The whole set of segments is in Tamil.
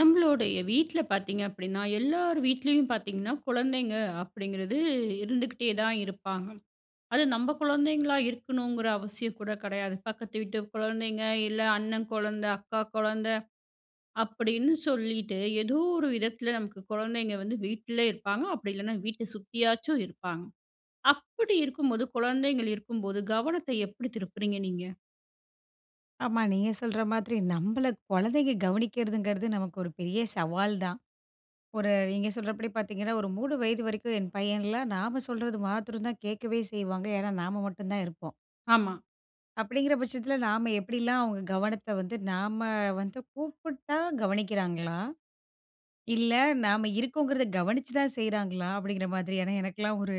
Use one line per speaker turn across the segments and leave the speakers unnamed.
நம்மளுடைய வீட்ல பார்த்தீங்க அப்டின்னா எல்லார் வீட்லேயும் பார்த்தீங்கன்னா, குழந்தைங்க அப்டிங்கிறது இருந்துக்கிட்டே தான் இருப்பாங்க. அது நம்ப குழந்தைங்களா இருக்கணுங்ற அவசியம் கூட கடையாது. பக்கத்து வீட்டு கொழந்தைங்க, இல்ல அண்ணன் கொழந்த, அக்கா கொழந்த, அப்டின்னு சொல்லிட்டு ஏதோ ஒரு விதத்துல, நமக்கு கொழந்தைங்க வந்து வீட்ல இருப்பாங்க. அப்டி இல்லைனா வீட்ட சுத்தியாச்சும் இருப்பாங்க. அப்டி இருக்கும்போது குழந்தைங்க இருக்கும்போது, கவனத்த எப்டி திருப்புறீங்க நீங்க?
ஆமா நீங்க சொல்ற மாதிரி நம்பள குழந்தைங்க கவனிக்கிறதுங்றது நமக்கு ஒரு பெரிய சவால் தான். ஒரு நீங்க சொல்றபடி பார்த்தீங்கன்னா, ஒரு 3 வயது வரைக்கும் என் பையன்லாம், நாம சொல்றது மாத்தரம் தான் கேட்கவே செய்வாங்க. ஏன்னா நாம மட்டும் தான் இருப்போம்.
ஆமா.
அப்டிங்ற பட்சத்துல நாம எப்டிலாம் அவங்க கவனத்த வந்து நாம வந்து கூப்புட்டா கவனிக்கிறாங்களா? இல்ல நாம இருக்கோங்றத கவனிச்சு தான் செய்றாங்களா? அப்டிங்ற மாதிரி. ஏன்னா எனக்குல்லாம் ஒரு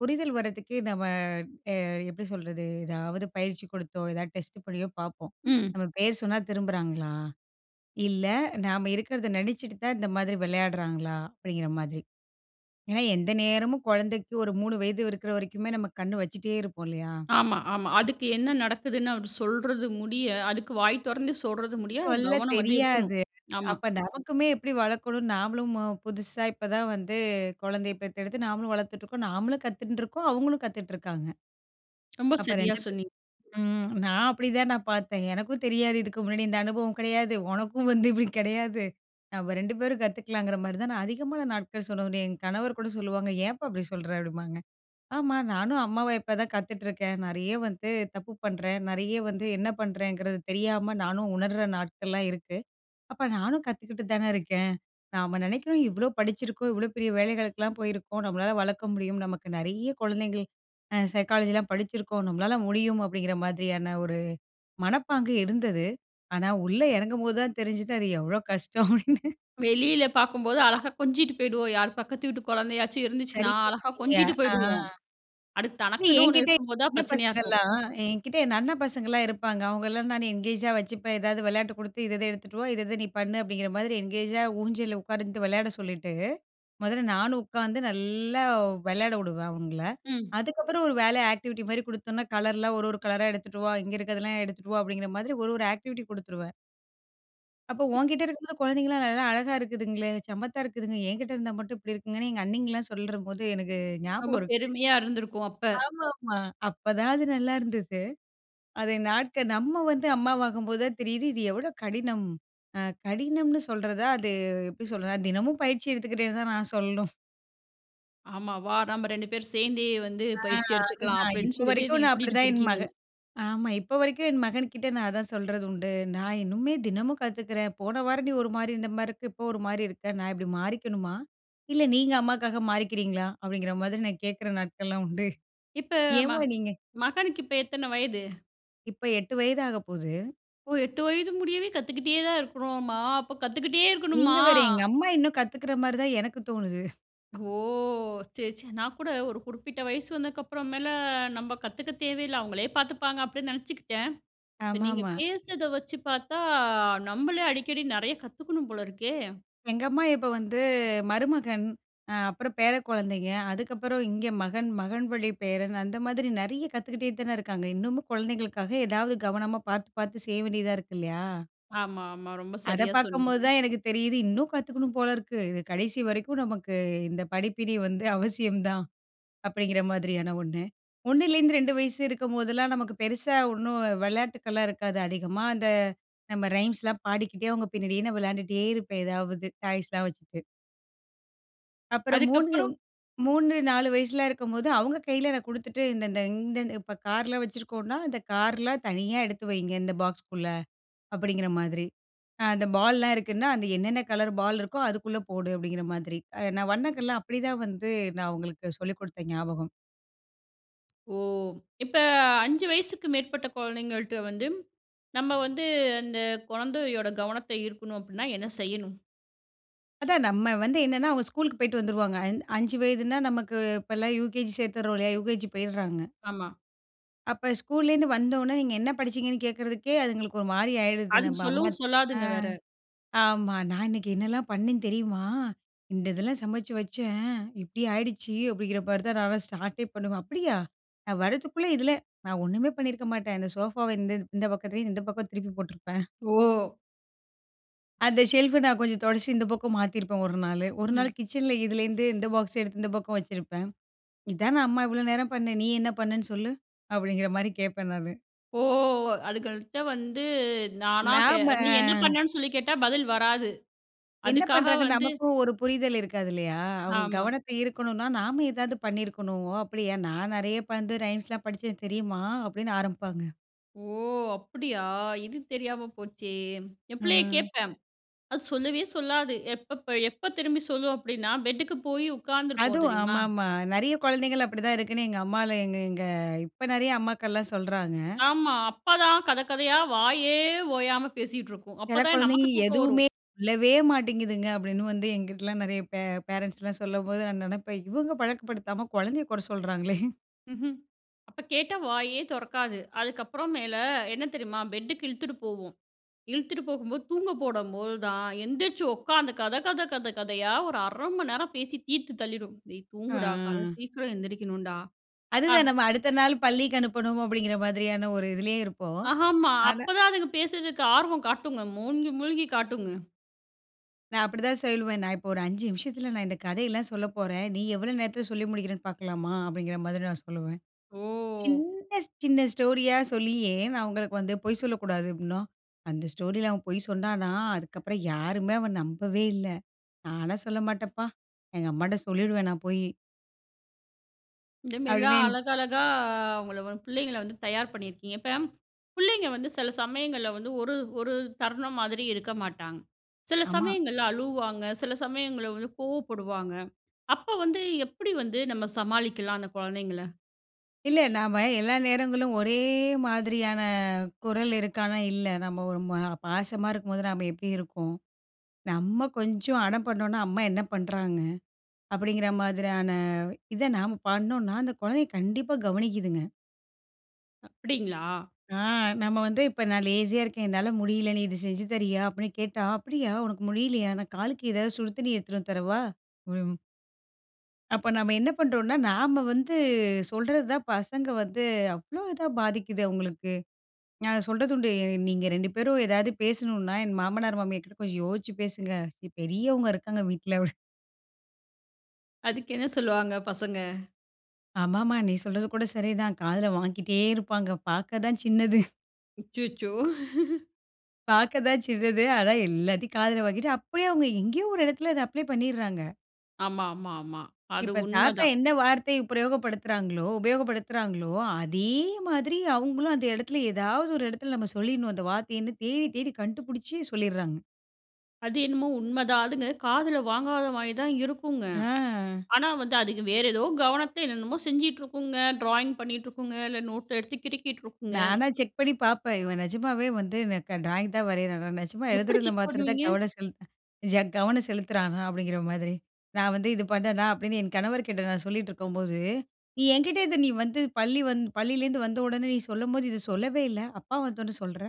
புரிதல் வர்றதுக்கே நம்ம அ எப்டி சொல்றது ஏதாவது பயிற்சி கொடுத்தோ, ஏதாவது டெஸ்ட் பண்ணியோ, பார்ப்போம்.
ம்.
"நம்ம பேரு சொன்னா திரும்புறாங்களா? இல்ல நாம இருக்கறத நெனைச்சுட்டு தான் இந்த மாதிரி வெளையாட்றாங்களா?" அப்டிங்ற மாதிரி. ஏன்னா எந்த நேரமும் கொழந்தைக்கு ஒரு 3 வயது இருக்ற வரைக்குமே நாம கண்ணு வச்சுட்டேருப்போம் இல்லயா?
ஆமா, ஆமா. அதுக்கு என்ன நடக்குதுன்னு, அவரு சொல்றது முடிய, அதுக்கு வாய் தொறந்து சொல்றது முடிய,
சொல்ல
கவனம் வந்து இருக்கணும்
தெரியாது.
ஆமா.
அப்ப நமக்குமே எப்டி வளர்க்கணும் நாமளும் மு புதுசா இப்ப தான் வந்து கொழந்தைய பெத்தெடுத்து நாமளும் வளர்த்துட்ருக்கோம், நாமளும் கத்துண்டுருக்கோம், அவங்களும் கத்துட்ருக்காங்க.
ரொம்ப
அப்ப
சரியா
2 பேர்
சொன்னீங்க.
ம் நான் அப்டி தான் நான் பார்த்தேன். எனக்கும் தெரியாது இதுக்கு முன்னாடி இந்த அனுபவம் கடையாது. ஒனக்கும் வந்து இப்டி கெடையாது நாம 2 பேரும் கத்துக்லாம்ன்கிற மாதிரி தான் நான் அதிகமான நாட்கள்னு சொல்ல முடியும். என் கணவர் கூட சொல்வாங்க, "ஏம்ப்பா அப்டி சொல்ற?" அப்டின்பாங்க. "ஆமா நானும் அம்மாவா இப்ப தான் கத்துட்ருக்கேன். நெறைய வந்து தப்பு பண்றேன், நெறைய வந்து என்ன பண்றேங்றது தெரியாம நானும் உணர்ற நாட்கள்லாம் இருக்கு. அப்ப நானும் கத்துக்கிட்டு தானே இருக்கேன்." நாம நெனைக்றோம் இவ்ளோ படிச்சிருக்கோம், இவ்ளோ பெரிய வேலைகளுக்குல்லாம் போயிருக்கோம். நம்மளால வளர்க்க முடியும். நமக்கு நெறைய குழந்தைங்கள் அ சைக்காலஜில்லாம் படிச்சுருக்கோம். நம்மளால முடியும் அப்டிங்ற மாதிரியான ஒரு மனப்பாங்கு இருந்தது ஆனா உள்ள எறங்கும்போது தான் தெரிஞ்சுது, அது எவ்ளோ கஷ்டம்? அப்டின்னு
வெளியில பார்க்கும்போது அழகா கொஞ்சிட்டு போய்டுவோம். யார் பக்கத்து வீட்டு கொழந்தையாச்சு இருந்துச்சுன்னா அழகா
சரியா
கொஞ்சிட்டு
[unintelligible] ஆ.
போய்டுவோம். அடுத்து
இல்ல
தனக்குன்னு ஒண்ணு
என்கிட்ட என்
இருக்கும் போது தான்
அண்ண
பிரச்சனையா இருக்கும்.
பசங்கள்லாம் என்கிட்டே என் அண்ணன் பசங்கலாம் இருப்பாங்க. அவங்கலாம் நான் என்கேஜா வச்சுப்பேன். ஏதாவது வெளையாட்டு குடுத்து இத இத எடுத்துட்டு வா, இத இத நீ பண்ணு, அப்டிங்கிற மாதிரி என்கேஜா ஊஞ்சல்ல உட்கார்ந்துட்டு வெளையாட சொல்லிட்டு, மொதல்ல நானும் உட்காந்து நல்லா வெளையாட வுடுவேன் அவங்கள.
ம்.
அதுக்கப்புறம், ஒரு வேலையா ஆக்டிவிட்டி மாரி குடுத்தோம்னா, கலர்லாம் ஒரு ஒரு கலரா எடுத்துட்டு வா இங்கே இருக்றதெல்லாம் எடுத்துட்டு வா அப்டிங்கிற மாதிரி ஒரு ஒரு ஆக்டிவிட்டி குடுத்துருவேன். அப்ப ஒன்கிட்ட இருக்கும்போது குழந்தைங்கலாம் நல்லா அழகா இருக்குதுங்களே. சம்மத்தா இருக்குதுங்க. என்கிட்ட இருந்தா மட்டும் இப்படி இருக்குங்கன்னு. எங்க அண்ணிங்கலாம் சொல்றபோது எனக்கு
ரொம்ப
ஞாபகம் இருக்கு
பெருமையா இருந்துருக்கும் அப்ப.
ஆமாமா. அப்பதான் அது நல்லாருந்துது. அத நாட்கள் நம்ம வந்து அம்மாவாகும்போது தான் தெரியிது. இது எவ்ளோ கடினம்! அ கடினம்னு சொல்றதா அது எப்படி சொல்றது. தினமும் பயிற்சி எடுத்துக்கிட்டேன்னு தான் நான் சொல்ணும்
ஆமா. வா நம்ம 2 பேரும் சேர்ந்தே வந்து
ஆ.
பயிற்சி எடுத்துக்கலாம்
அதுதான்.
அப்படின்னு
இப்ப
சொல்லிட்டு.
வரைக்கும்
நீங்க
நான்
கூட்டிட்டு
அப்படிதான் என் மக
போயிருக்கீங்க?
ஆமா. இப்ப வரைக்கும் என் மகன்கிட்ட நான் அதான் சொல்றது உண்டு. நான் இன்னுமே தினமும் கத்துக்குறேன். போன வாரம் நீ ஒரு மாரி இருந்த மாரி இருக்கு, இப்போ ஒரு மாரி இருக்க. நான் இப்படி மாறிக்கணுமா. இல்ல நீங்க அம்மாவுக்காக மாறிக்கிறீங்களா அப்டிங்கிற மாதிரி நான் கேட்கிற நாட்கள்லாம் உண்டு.
இப்ப. ம
ஏம்மா நீங்க
மகனுக்கு இப்ப எத்தன வயது?
இப்ப 8 வயது ஆக போது.
ஓ! 8 வயது முடியவே கத்துக்கிட்டே தான் இருக்கணும்மா, அப்ப கத்துக்கிட்டே
நீங்க
இருக்கணுமா?
வேற. எங்க அம்மா இன்னும் கத்துக்குற மாரி தான் எனக்கு தோணுது
ஓ! சரி சரி. நான் கூட ஒரு குறிப்பிட்ட வயசு வந்தற்கு அப்புறம் மேல, நம்ம கத்துக்க தேவையில்ல. அவங்களே பார்த்துப்பாங்க அப்படினு நெனச்சிகிட்டேன். இப்ப நீங்க
ஆமாமா.
பேசுறத வச்சி பார்த்தா அ நம்மளே அடிக்கடி நெறைய கத்துக்கணும் போலருக்கே.
எங்க அமமா இப்ப வந்து மருமகன் அ அப்புறம் பேர கொழந்தைங்க. அதுக்கப்புறம் இங்க மகன் மகன் வழி பேரன் அந்த மாதிரி நெறைய கத்துக்கிட்டே தான இருக்காங்க. இன்னமும் குழந்தைகளுக்காக ஏதாவது கவனமா பார்த்து பார்த்து செய்ய வேண்டியதா இருக்கு இல்லையா?
ஆமா, ஆமா. ரொம்ப
அத
சரியா
பார்க்கும்போது
சொன்னீங்க.
தான் எனக்கு தெரியிது. இன்னும் கத்துக்கணும் போல இருக்கு. இது கடைசி வரைக்கும் நமக்கு இந்த படிப்பினை வந்து அவசியம் தான் அப்படிங்கிற மாதிரியான ஒண்ணு. ஒண்ணுலேருந்து 2 வயசு இருக்கும்போதெல்லாம் நமக்கு பெருசா ஒண்ணும் விளையாட்டுக்கெலாம் இருக்காது அதிகமா அந்த. நம்ம ரைம்ஸ்லாம் பாடிக்கிட்டே அவங்க பின்னாடியே நான் விளையாண்டுட்டே இருப்பேன். ஏதாவது டாய்ஸ்லாம் வச்சுட்டு. அப்புறம் 3-.
அதுக்கப்புறம்?
3, 4 வயசுலாம் இருக்கும்போது அவங்க கையில நான் குடுத்துட்டு. இந்த இந்த இந்த இப்ப கார்ல வச்சுருக்கோம்னா, "இந்த கார்லாம் தனியா எடுத்து வையுங்க. இந்த பாக்ஸ்க்குள்ள," அப்டிங்கிற மாதிரி. அ அந்த பால்லலாம் இருக்குன்னா அந்த என்னன்ன கலர் பால் இருக்கோ அதுக்குள்ள போடு அப்டிங்கிற மாதிரி. அ நான் வண்ணங்கல்லாம் அப்டிதான் வந்து நான் அவங்களுக்கு சொல்லிக் குடுத்த ஞாபகம்.
ஓ! இப்ப அ 5 வயசுக்கு மேற்பட்ட குழந்தைகள்ட வந்து, நம்ப வந்து அந்த குழந்தையோட கவனத்த ஈர்க்கணும் அப்டின்னா என்ன செய்யணும்?
அதான் நம்ப வந்து என்னன்னா அவங்க ஸ்கூலுக்கு போய்ட்டு வந்துருவாங்க. அஞ் 5 வயதுனா நமக்கு இப்போலாம் யுகேஜி சேர்த்துட்றோம் இல்லயா, யுகேஜி போயிட்றாங்க.
ஆமா.
அப்ப ஸ்கூல்லேருந்து வந்த உடனே. நீங்க என்ன படிச்சிங்கன்னு கேட்கறதுக்கே அதுங்களுக்கு ஒரு மாரி ஆயிடுது.
அதுக்கு
நம்ப அம்மா
சொல்லவும்
ஆ.
சொல்லாதுங்க வேற.
ஆமா. "நான் இன்னைக்கு என்னலாம் பண்ணேன் தெரியுமா? இந்த இதெல்லாம் சமைச்சு வச்சேன். இப்டி ஆய்டுச்சு." அப்டிங்கிற மாரி தான் நான் ஸ்டார்ட்டே பண்ணுவேன். அப்டியா நான் வரதுக்குள்ள இதுல நான் ஒண்ணுமே பண்ணியிருக்க மாட்டேன். இந்த சோஃபாவ இந்த இந்த பக்கத்துல இந்த பக்கம் திருப்பி போட்ருப்பேன்.
ஓ!
அந்த ஷெல்ஃபு நான் கொஞ்சம் தொடச்சி இந்த பக்கம் மாத்தியிருப்பேன் ஒரு நாளு. ஒரு நாள்
ம்.
கிச்சன்ல இதிலேருந்து இந்த பாக்ஸ் எடுத்து இந்த பக்கம் வச்சிருப்பேன். இதானே அம்மா இவ்ளோ நேரம் பண்ண, "நீ என்ன பண்ணன்னு சொல்லு அப்டிங்கிற மாரி கேட்பேன்" நானு.
ஓ! அதுக்கர்த்தம் வந்து, நானா கே நீ என்ன
நாம
பண்ணன்னு? சொல்லி கேட்டா, பதில் வராது
என்ன
அதுக்காக
பண்றாங்க
வந்து.
நமக்கும் ஒரு புரிதல் இருக்காது இல்லையா? அவங்க
ஆமா.
கவனத்த ஈர்க்கணுன்னா நாம ஏதாவது பண்ணிருக்கணும். அப்படியா, நான் நெறையா அப் வந்து ரைம்ஸ் லாம் படிச்சேன் தெரியுமா? அப்படின்னு ஆரம்பிப்பாங்க.
ஓ! அப்படியா, இது தெரியாம போச்சே. என் பிள்ளைய
ம்.
கேட்பேன். அது சொல்லவே சொல்லாது. எப்பப்ப எப்ப திரும்பி சொல்லும் அப்டின்னா, பெட்டுக்கு போயி உட்காந்து இருப்போம்
அதுவும்
தெரியுமா?
ஆமாமா. நெறைய குழந்தைகள் அப்படிதான் இருக்குன்னு, எங்க அம்மா ல எங்க எங்க இப்ப நெறைய அம்மாக்கள்லாம் சொல்றாங்க.
ஆமா. அப்ப தான் கத கதைய வாயே ஓயாம பேசிட்ருக்கும். அப்ப
சில
தான் நமக்கு
குழந்தைகள்
தூக்கம் வரும்.
எதுவுமே சொல்லவே மாட்டேங்குதுங்க. அப்படின்னு வந்து என்கிட்டலாம் நெறைய பே பேரன்ட்ஸ்லாம் சொல்லும்போது, நான் நெனப்பேன் "இவங்க பழக்க படுத்தாம குழந்தைய கொற சொல்றாங்களே."
ம்ஹ்ம். அப்ப கேட்டா வாயே தொறக்காது. அதுக்கப்றம் மேலு என்ன தெரியுமா? பெட்டுக்கு இழுத்துட்டு போகும். இழுத்துட்டு போகும்போது தூங்க போடம்போது தான் எந்திரிச்சு உட்காந்து, கத கத கத கதையா ஒரு 1/2 மணிநேரம் பேசி தீத்து தள்ளிரும். டேய் தூங்குடா கால
அ.
சீக்கிரம் எந்திரிக்கணுன்டா. ஆ.
அதுதான் நம்ம அடுத்த நாள் பள்ளிக்கு அனுப்பனும், அப்டிங்ற மாதிரியான ஒரு இதிலேயே இருப்போம்.
ஆமா.
ஆனா
அப்பதான் அதுங்க பேசறதுக்கு ஆர்வம் காட்டுங்க மூழ்கி மூழ்கிக் காட்டுங்க.
நான் அப்டித்தான் சொல்லுவேன். "நான் இப்போ ஒரு 5 நிமிஷத்துல நான் இந்த கதை எல்லாம் சொல்லப்போறேன். நீ எவ்வளவு நேரத்துல சொல்லி முடிக்கிறேன்னு பார்க்கலாமா?" அப்டிங்கிற மாதிரி நான் சொல்லுவேன்.
ஓ!
சின்ன சின்ன ஸ்டோரியா சொல்லியே "நான் அவங்களுக்கு வந்து பொய் சொல்லக்கூடாது" அப்டின்னோ. அந்த ஸ்டோரில அவன் பொய் சொன்னனா, "அதுக்ப்புறம் யாருமே அவன் நம்பவே இல்ல. நான் எல்லாம் சொல்லமாட்டன் பா. எங்க அம்மாகிட்ட சொல்லிருவேன்." நான் போயி.
இந்த மாரிலாம்
அப்டின்னு
அழகழகா அ அவங்கள வந்து பிள்ளைங்கள வந்து தயார் பண்ணியிருக்கீங்க. இப்ப புள்ளைங்க வந்து சில சமயங்கள்ல வந்து ஒரு ஒரு தருணம் மாதிரி இருக்க மாட்டாங்க. சில
ஆமா.
சமயங்கள்ல அழுவுவாங்க, சில சமயங்கள்ல வந்து கோவப்படுவாங்க. அப்ப வந்து எப்படி வந்து நம்ம சமாளிக்கலாம் அந்த குழந்தைங்கள?
இல்லை. நாம எல்லா நேரங்களும் ஒரே மாதிரியான குரல் இருக்கானா, இல்ல. "நம்ம ஒரு மா பாசமா இருக்கும்போது நம்ம எப்டி இருக்கோம். நம்ம கொஞ்சம் அடம் பண்ணோம்னா. அம்மா என்ன பண்றாங்க." அப்டிங்கிற மாதிரியான, இத நம்ம பண்ணனோம்னா. அந்த குழந்தைய கண்டிப்பா கவனிக்கிதுங்க.
அப்டிங்களா?
ஆ. நம்ம வந்து இப்ப "நான் லேஸியா இருக்கேன், என்னால முடியல நீ இது செஞ்சு தறியா?" அப்டின்னு கேட்டா. "அப்டியா உனக்கு முடியலையா நான் காலுக்கு ஏதாது சுடு தண்ணி எடுத்துட்டு வந்து தரவா?" [unintelligible] அப்போ நம்ம என்ன பண்ணுறோம்னா. நாம வந்து சொல்றது தான் பசங்க வந்து அவ்ளோ இதா பாதிக்குது அவங்களுக்கு. நான் சொல்றது உண்டு t நீங்க 2 பேரும் ஏதாது பேசணும்னா என் மாமனார், மாமியார் கிட்ட கொஞ்சம் யோசிச்சு பேசுங்க. பெரியவங்க இருக்காங்க வீட்ல.
அதுக்கு என்ன சொல்லுவாங்க பசங்க?
ஆமாமா. நீ சொல்றது கூட சரிதான் காதுல வாங்கிட்டே இருப்பாங்க. பாக்க தான் சின்னது.
அச்சச்சோ!
பாக்க தான் சின்னது. ஆனா எல்லாத்தையும் காதுல வாங்கிட்டு அப்டியே அவங்க எங்கேயோ ஒரு இடத்துல அத அப்ளே பண்ணிட்றாங்க.
ஆமா, ஆமா, ஆமா. அது
இப்ப தாத்தா
உண்மதான்.
என்ன வார்த்தை பிரயோக படுத்துறாங்களோ உபயோகப்படுத்துறாங்களோ அதே மாதிரி அவங்களும் அந்த இடத்துல ஏதாவது ஒரு இடத்துல நம்ம சொல்லிடணும். அந்த வார்த்தையன்னு தேடி, தேடி கண்டுபுடிச்சி சொல்லிட்றாங்க.
அது என்னமோ உண்மதான். அதுங்க காதுல வாங்காத மாரி தான் இருக்குங்க.
அ.
ஆனா, வந்து அதுக வேறு ஏதோ கவனத்த, என்னனமோ செஞ்சுட்டு இருக்குங்க, ட்ராயிங் பண்ணிட்டு இருக்குங்க, இல்ல நோட்ட எடுத்து கிறுக்கிட்டு இருக்குங்க.
நானா செக் பண்ணி பாப்பேன். இவன் நிஜமாவே வந்து எனக்கு ட்ராயிங் தான் வரையிறானா. நிஜமா
எப்படி
எழுதுறதுல
செக்
மாத்திரம் தான்
பண்ணுவீங்க?
கவனம் செலுத் ச கவனம் செலுத்துறானா? அப்டிங்கற மாதிரி. "நான் வந்து இது பண்ணேனா?", அப்படின்னு என் கணவர்கிட்ட நான் சொல்லிட்ருக்கும்போது," நீ என்கிட்ட இது நீ வந்து பள்ளி வந் பள்ளியிலேருந்து வந்த உடனே நீ சொல்லும்போது இத சொல்லவே இல்ல, அப்பா வந்த உடனே சொல்ற?"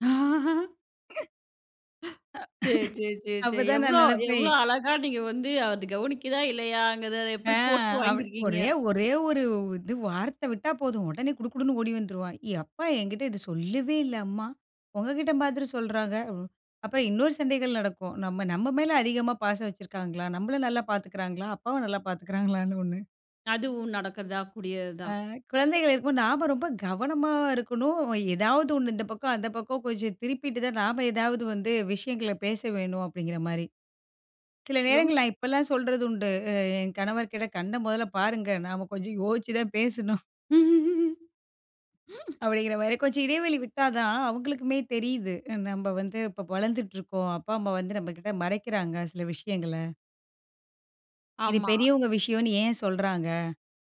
சரி, சரி,
அப்ப
சரி.
தான் நான்
எவ்ளோ எவ்ளோ
நெனைப்பேன்.
அழகா நீங்க வந்து அத கவனிக்கிதா! இல்லையாங்கிறத
ஆ
எப்டி போட்டு
அப்
வாங்கியிருக்கீங்க!
ஒரே ஒரே ஒரு இது வார்த்த விட்டா போதும் உடனே குடு குடுன்னு ஓடி வந்துருவான். "என் அப்பா என்கிட்ட இது சொல்லவே இல்ல அம்மா. உங்கக்கிட்ட மாதிரி சொல்றாங்க." அப்புறம் இன்னொரு சண்டைகள் நடக்கும். நம்ம நம்ம மேல அதிகமா பாசம் வச்சிருக்காங்களா? நம்மள நல்லா பார்த்துக்கிறாங்களா? அப்பாவ நல்லா பார்த்துக்கிறாங்களான்னு ஒ்ண்ணு.
அதுவும் நடக்கக்கத்தான் கூடியது
ஆ
தான்.
குழந்தைகள் இருக்கும்போது நாம ரொம்ப கவனமா இருக்கணும். ஏதாவது ஒண்ணு இந்த பக்கம், அந்த பக்கம் கொஞ்சம் திருப்பிட்டு தான் நாம ஏதாவது வந்து விஷயங்கள பேச வேணும் அப்டிங்கிறமாரி. சில
ரொம்
நேரங்கள்ல நான் இப்பல்லாம் சொல்றது உண்டு. அ என் கணவர்க்கிட்ட கண்ண முதல பாருங்க! நாம கொஞ்சம் யோசிச்சு தான் பேசணும் அப்டிங்கிறமாரி கொஞ்சம் இடைவெளி விட்டா தான் அவுங்களுக்குமே தெரியிது. நம்ம வந்து இப்ப வளர்ந்துட்டுருக்கோம். அப்பா, அம்மா வந்து நம்மகிட்ட மறைக்கிறாங்க சில விஷயங்கள. "இது
ஆமா.
பெரியவங்க விஷயம்னு ஏன் சொல்றாங்க?"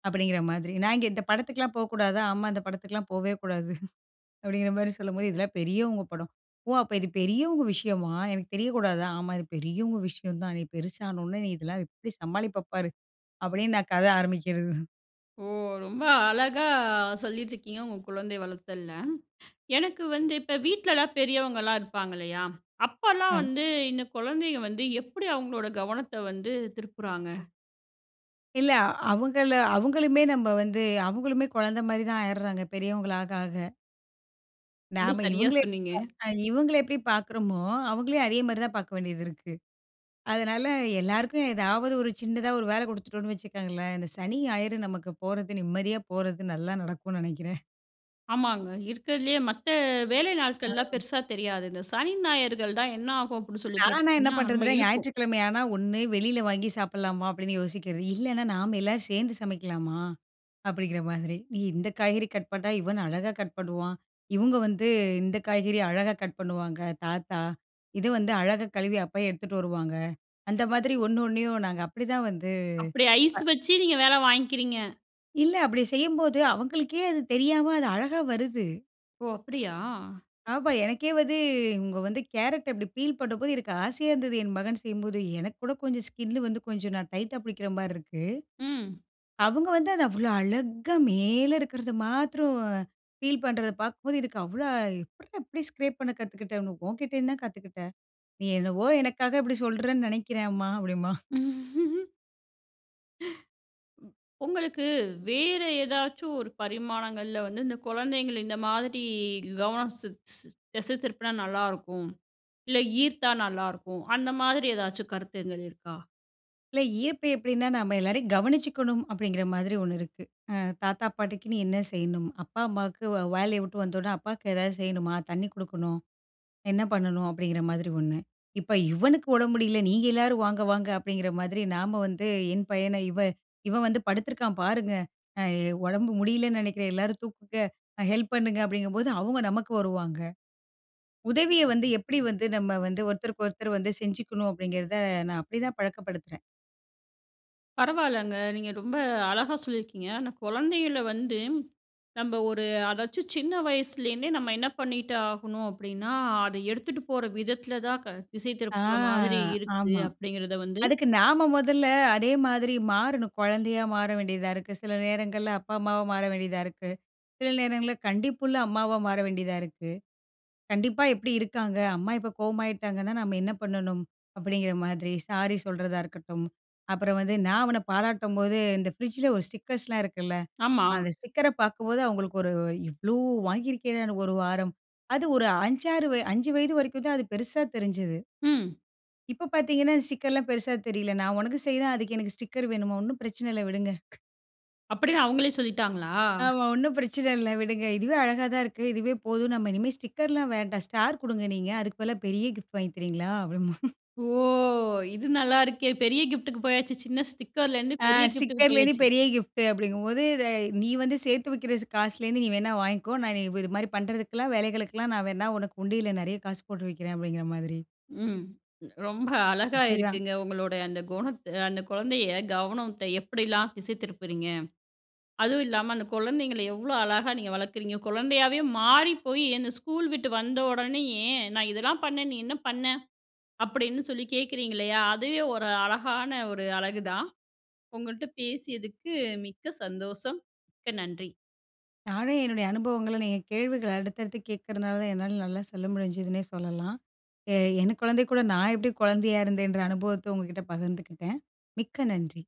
அப்டிங்கிற மாதிரி. நான் இங்கே இந்த படத்துக்ல்லாம் போ கூடாதா? ஆமா இந்த படத்துக்ல்லாம் போவே கூடாது அப்டிங்கிறமாரி சொல்லும்போது இதெல்லாம் பெரியவங்க படம். "ஓ! அப்ப இது பெரியவங்க விஷயமா? எனக்கு தெரியக்கூடாதா?" ஆமா இது பெரியவங்க விஷயம் தான். நீ பெருசானவுனே நீ இதெல்லாம் எப்டி சமாளிப்ப பாரு. அப்டின்னு நான் கத ஆரம்பிக்கிறது
ஓ! ரொம்ப அழகா சொல்லிட்டிருக்கீங்க, உங்க குழந்தை வளர்த்தல்ல. எனக்கு வந்து இப்ப வீட்ல எல்லாம் பெரியவங்க எல்லாம் இருப்பாங்க இல்லையா? அப்போல்லாம்
ஆம்.
வந்து இந்த குழந்தைங்க வந்து எப்படி அவுங்களோட கவனத்த வந்து திருப்புறாங்க?
இல்லை அவுங்கள அவங்களுமே நம்ம வந்து அவுங்களுமே குழந்தை மாதிரி தான் ஆயிறாங்க, பெரியவங்களாக ஆக.
ரொம்ப
நாம
சரியா
இவுங்களே
சொன்னீங்க.
இவுங்கள எப்படி பார்க்குறோமோ, அவுங்களயும் அதே மாரி தான் பார்க்க வேண்டியதிருக்கு. அதனால எல்லாருக்கும் ஏதாவது ஒரு சின்னதா ஒரு வேலை குடுத்துட்டோன்னு வச்சிக்கங்களேன், இந்த சனி, ஞாயிறு நமக்கு போறது நிம்மதியா போறது நல்லா நடக்கும்னு நெனைக்கிறேன்.
ஆமாங்க. இருக்குறதிலேயே மத்த வேலை நாட்கள்லாம்
ஆ.
பெருசா தெரியாது. இந்த சனி, ஞாயிறுகள் தான் என்ன ஆகும், அப்படின்னு சொல்லி
நான்லா என்ன
பார்த்தீங்கன்னா, ரொம்ப
பண்றதுன்னா,
இழுக்கும்.
ஞாயிற்றுக்கிழமையானா ஒண்ணு வெளியில வாங்கி சாப்பிடலாமா அப்படின்னு யோசிக்கிறது. இல்லைனா நாம எல்லாரும் சேர்ந்து சமைக்கலாமா? அப்படிங்கிற மாதிரி. "நீ, இந்த காய்கறி கட் பண்ணா யுவன் அழகா கட் பண்ணுவான். இவுங்க வந்து இந்த காய்கறி அழகா கட் பண்ணுவாங்க, தாத்தா. இது வந்து அழகா கழுவி அப்பாயி எடுத்துட்டு வருவாங்க." அந்த மாதிரி ஒண்ணு ஒண்ணையும் நாங்க அப்படிதான் வந்து
அப்படி ஐஸ்
அ
வச்சு நீங்க வேலை வாங்கிக்கிறீங்க.
இல்ல அப்படி செய்யும்போது, அவுங்களுக்கே அது தெரியாம அது அழகா வருது!
ஓ! அப்டியா?
ஆமா. எனக்கே வந்து, இவுங்க வந்து, கேரட் அப்படி பீல் பண்ணும்போது, எனக்கு ஆசையா இருந்தது, என் மகன் செய்யும்போது. எனக்கு கூட கொஞ்சம் ஸ்கின் வந்து, கொஞ்சம் நான் டைட்டா பிடிக்கிற மாதிரி இருக்கு,
ம்.
அவங்க வந்து அத அவ்ளோ அழகா மேல இருக்குறத மாத்ரம் பீல் பண்றத பாக்கும் போது எனக்கு அவ்ளோ, எப்பிட்றா இப்படி ஸ்க்ரேப் பண்ண கத்துக்கிட்டனு, உன்கிட்டந்துதான் கத்துக்கிட்டேன்."நீ என்னவோ எனக்காக இப்படி சொல்றன்னு நினைக்கிறே அம்மா" அப்படின்பான்.
ம். உங்களுக்கு, வேற ஏதாச்சும் ஒரு பரிமாணங்கள்ல வந்து, இந்த குழந்தைங்கள இந்த மாதிரி, கவனம் செ செ திசை திருப்புனா நல்லா இருக்கும், இல்ல ஈர்த்தா நல்லா இருக்கும், அந்த மாதிரி எதாச்சும் கருத்துங்கள் இருக்கா?
இல்ல ஈர்ப்பு எப்படின்னா? நம்ம எல்லாரையும் கவனிச்சுக்கணும் அப்டிங்கிற மாரி ஒண்ணு இருக்கு. அ தாத்தா, பாட்டிக்குன்னு என்ன செய்யணும்? அப்பா அம்மாக்கு, வே வேலைய வுட்டு வந்த உடனே, அப்பாக்கு எதாவது செய்யணுமா, தண்ணி கொடுக்கணும். என்ன பண்ணணும்? அப்டிங்கிற மாரி ஒண்ணு. இப்ப இவனுக்கு உடம்பு முடியல, நீங்க எல்லாரும் வாங்க! வாங்க! அப்டிங்கற மாதிரி, நாம வந்து என் பையன, "இவ இவன் வந்து படுத்துருக்கான் பாருங்க, அ உடம்பு முடியலன்னு நினைக்கிறேன், எல்லாரும் தூக்குங்க, ஹெல்ப் பண்ணுங்க" அப்படிங்கும்போது அவங்க நமக்கு வருவாங்க. உதவிய வந்து எப்படி வந்து, நம்ம வந்து ஒருத்தருக்கு ஒருத்தர் வந்து செஞ்சுக்கணும் அப்டிங்கறத, நான் அப்படி தான் பழக்கப்படுத்துறேன்.
பரவால்லங்க. நீங்க ரொம்ப அழகா சொல்லியிருக்கீங்க. ஆனா, குழந்தைகளை வந்து, நம்ம ஒரு அதாச்சும் சின்ன வயசுலேருந்தே நம்ம என்ன பண்ணிட்டு ஆகணும் அப்படின்னா அத எடுத்துட்டு போற விதத்துல தான் க திசை
ஆ
திருப்புற மாதிரி இருக்கு
ஆமா.
அப்படிங்கிறத வந்து.
அதுக்கு நாம மொதல்ல அதே மாதிரி மாறணும். குழந்தையா மாற வேண்டியதா இருக்கு. சில நேரங்கள்ல அப்பா, அம்மாவா மாற வேண்டியதா இருக்கு. சில நேரங்களில் கண்டிப்புள்ள அம்மாவா மாற வேண்டியதா இருக்கு. கண்டிப்பா எப்படி இருக்காங்க, "அம்மா இப்போ கோவமாயிட்டாங்கன்னா நம்ம என்ன பண்ணணும்?" அப்படிங்கிற மாதிரி சாரி சொல்றதா இருக்கட்டும், அப்புறம் வந்து நா அவன பாராட்டும்போது இந்த ஃப்ரிட்ஜில்lல ஒரு ஸ்டிக்கர்ஸ் லா இருக்குல?
ஆமா.
அந்த ஸ்டிக்கர பாக்கும்போது அவங்களுக்கு ஒரு இவ்வளோ வாங்கியிருக்கேன் ஒரு வாரம் அது ஒரு 5,6 வய, 5 வயது வரைக்கும் தான் அது பெருசா தெரிஞ்சுது.
ம்.
இப்போ பாத்தீங்கன்னா ஸ்டிக்கர் லாம் பெருசா தெரியல, நான் உனக்கு செய்றேன் அதுக்கு எனக்கு ஸ்டிக்கர் வேணுமா? ஒன்னும் பிரச்சனை இல்ல விடுங்க.
அப்டின்னு அவங்களே சொல்லிட்டாங்களா?
ஆமா ஒன்னும் பிரச்சனை இல்ல விடுங்க. இதுவே அழகா தா இருக்கு இதுவே போதும். நம்ம இனிமே ஸ்டிக்கர் லாம் வேண்டாம். ஸ்டார் கொடுங்க நீங்க அதுக்கு பதிலா பெரிய கிஃப்ட் வாங்கி தரீங்களா? அப்படீம்பா.
ஓ! இது நல்லாருக்கே. பெரிய கிஃப்ட்டு க்கு போயாச்சு சின்ன ஸ்டிக்கர் லேருந்து
ஆ
பெரிய கிஃப்ட் டுக்கு
ஸ்டிக்கர் லேந்து
போயாச்சு.
பெரிய கிஃப்ட் அப்படிங்கும்போது த நீ வந்து சேத்து வைக்கிற காசுலேந்து நீ வேணா வாங்கிக்கோ. நான் இது மாதிரி பண்ணுறதுக்கெல்லாம் வேலைகளுக்கெலாம் நான் வேணா உனக்கு உண்டியில நிறைய காசு போட்டு வைக்கிறேன். அப்படிங்கிற மாதிரி.
ம். ரொம்ப அழகா
அப்படிதான்.
இருக்குங்க உங்களுடைய அந்த குணத்து அந்த குழந்தையை கவனத்தை எப்படிலா திசை திருப்புறீங்க. அதுவும் இல்லாம அந்த குழந்தைங்களை எவ்வளோ அழகா நீங்க வளர்க்குறீங்க, குழந்தையாவே மாறி போய் என்ன ஸ்கூல் விட்டு வந்தோனேயே, "நான் இதெல்லாம் பண்ணேன், நீ என்ன பண்ண?" அப்படின்னு சொல்லி கேட்கறீங்க இல்லையா, அதுவே ஒரு அழகான ஒரு அழகுதான். உங்கள்ட்ட பேசியதுக்கு மிக்க சந்தோஷம் மிக்க நன்றி.
நானும் என்னுடைய அனுபவங்கள்ல நீங்க கேள்விகள் அடுத்தடுத்து கேட்கிறனால தான் என்னால நல்லா சொல்ல முடிஞ்சுதுனே சொல்லலாம். எ என் குழந்தை கூட நான் எப்படி குழந்தையா இருந்தேன்ற அனுபவத்த உங்ககிட்ட பகிர்ந்துக்கிட்டேன். மிக்க நன்றி!